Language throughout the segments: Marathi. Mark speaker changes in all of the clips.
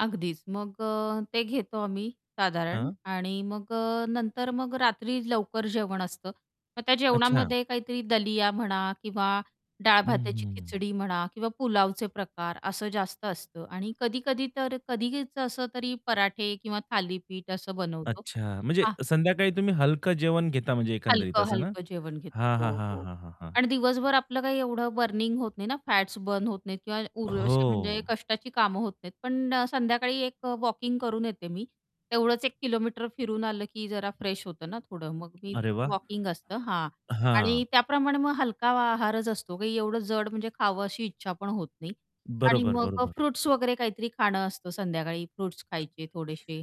Speaker 1: अगदीच मग अ, ते घेतो आम्ही साधारण
Speaker 2: हां.
Speaker 1: आणि मग अ, नंतर मग रात्री लवकर जेवण असतं मग त्या
Speaker 2: अच्छा.
Speaker 1: जेवणामध्ये काहीतरी दलिया म्हणा किंवा डाळ
Speaker 2: हं,
Speaker 1: भात्याची
Speaker 2: हं, हं.
Speaker 1: खिचडी म्हणा किंवा पुलावचे प्रकार असं जास्त असतं आणि कधी-कधी तर कधीच असं तरी पराठे किंवा थालीपीठ असं बनवतो.
Speaker 2: अच्छा म्हणजे
Speaker 1: हां.
Speaker 2: संध्याकाळी तुम्ही हलकं जेवण घेता म्हणजे एकंदरीत असं ना?
Speaker 1: हलकं-हलकं जेवण घेतो
Speaker 2: हां, हां,
Speaker 1: हो,
Speaker 2: हां,
Speaker 1: हो.
Speaker 2: हां, हां, हां.
Speaker 1: आणि दिवसभर आपलं काही एवढं बर्निंग होत नाही ना फॅट्स बर्न होत नाहीत किंवा उर असे म्हणजे
Speaker 2: हो.
Speaker 1: कष्टाची कामं होत नाहीत पण अ, संध्याकाळी एक वॉकिंग करून येते मी तेवढंच 1 किलोमीटर फिरून आलं की जरा फ्रेश होतं ना, थोडं मग मी
Speaker 2: अरे
Speaker 1: तसं
Speaker 2: वाह!
Speaker 1: वॉकिंग असतं हां,
Speaker 2: हां.
Speaker 1: आणि त्याप्रमाणे मग हलका आहारच असतो की एवढं जड म्हणजे खावं अशी इच्छा पण होत नाही. आणि
Speaker 2: बरोबर,
Speaker 1: मग अ,
Speaker 2: बरोबर.
Speaker 1: फ्रुट्स वगैरे काहीतरी खाणं असतं. संध्याकाळी फ्रुट्स खायचे थोडेशे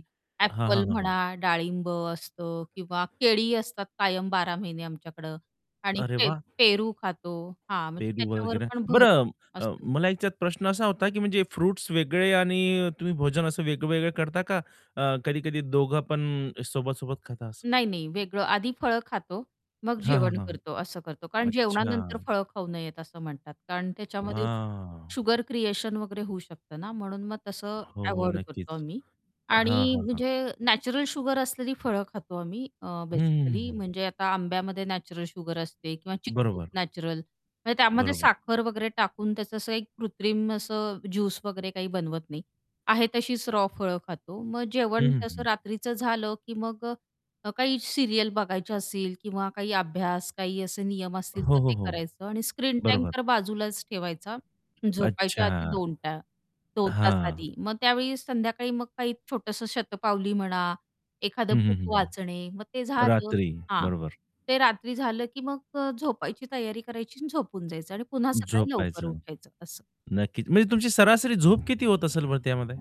Speaker 2: हां,
Speaker 1: ॲपल
Speaker 2: हां, हां.
Speaker 1: म्हणा, डाळिंब असतं किंवा केळी असतात कायम 12 महिने आमच्याकडं आणि
Speaker 2: अरे
Speaker 1: पे
Speaker 2: वाह!
Speaker 1: पेरू खातो हां, म्हणजे
Speaker 2: पेरू व
Speaker 1: त्याच्यावर
Speaker 2: वगैरे
Speaker 1: पण भर
Speaker 2: बरं अ,
Speaker 1: असतो.
Speaker 2: मला ह्याच्यात प्रश्न असा होता, की म्हणजे फ्रुट्स वेगळे आणि तुम्ही भोजन असं वेगवेगळे करता का? अ, कधी-कधी दोघं पण सोबत-सोबत खाता असं?
Speaker 1: नाही, नाही वेगळं. आधी फळं खातो मग
Speaker 2: हां, हां,
Speaker 1: जेवण
Speaker 2: हां.
Speaker 1: करतो असं करतो. कारण जेवणानंतर
Speaker 2: अच्छा.
Speaker 1: फळं खाऊ नयेत असं म्हणतात. कारण त्याच्यामध्ये
Speaker 2: हां.
Speaker 1: शुगर क्रिएशन वगैरे होऊ शकतं ना म्हणून मग तसं
Speaker 2: हो, हो
Speaker 1: अव्हॉइड करतो
Speaker 2: नक्कीच
Speaker 1: आम्ही
Speaker 2: हां,
Speaker 1: आणि
Speaker 2: हां, हां.
Speaker 1: म्हणजे नॅचरल शुगर असलेली फळं खातो आम्ही अ,
Speaker 2: हं, हं,
Speaker 1: बेसिकली
Speaker 2: हं.
Speaker 1: म्हणजे आता आंब्यामध्ये नॅचरल शुगर असते किंवा चिक्कूत
Speaker 2: बरोबर.
Speaker 1: नॅचरल म्हणजे त्यामध्ये
Speaker 2: बरोबर.
Speaker 1: साखर वगैरे टाकून त्याचं असं 1 कृत्रिम असं ज्यूस वगैरे काही बनवत नाही. आहे तशीच रॉ फळं खातो मग
Speaker 2: हं,
Speaker 1: जेवण
Speaker 2: हं,
Speaker 1: तसं
Speaker 2: हं.
Speaker 1: रात्रीचं झालं, की मग काही सीरियल बघायचं असेल किंवा काही अभ्यास काही असे नियम असतील
Speaker 2: हो,
Speaker 1: तर
Speaker 2: हो,
Speaker 1: ते
Speaker 2: हो.
Speaker 1: करायचं आणि स्क्रीन टाईम
Speaker 2: बरोबर.
Speaker 1: तर बाजूलाच ठेवायचा झोपायच्या
Speaker 2: अच्छा.
Speaker 1: आधी 2 टा 2 तास
Speaker 2: हां.
Speaker 1: आधी. मग त्यावेळी संध्याकाळी मग काही छोटंसं शतपावली म्हणा, एखादं
Speaker 2: हं, हं,
Speaker 1: बुक
Speaker 2: हं, हं.
Speaker 1: वाचणे मग ते झालं
Speaker 2: रात्री
Speaker 1: हां,
Speaker 2: बरोबर.
Speaker 1: ते रात्री झालं, की मग झोपायची तयारी करायची आणि झोपून जायचं आणि पुन्हा सकाळी लवकर
Speaker 2: झोपायचं.
Speaker 1: उठायचं असं.
Speaker 2: नक्कीच म्हणजे तुमची सरासरी झोप किती होत असेल बरं त्यामध्ये?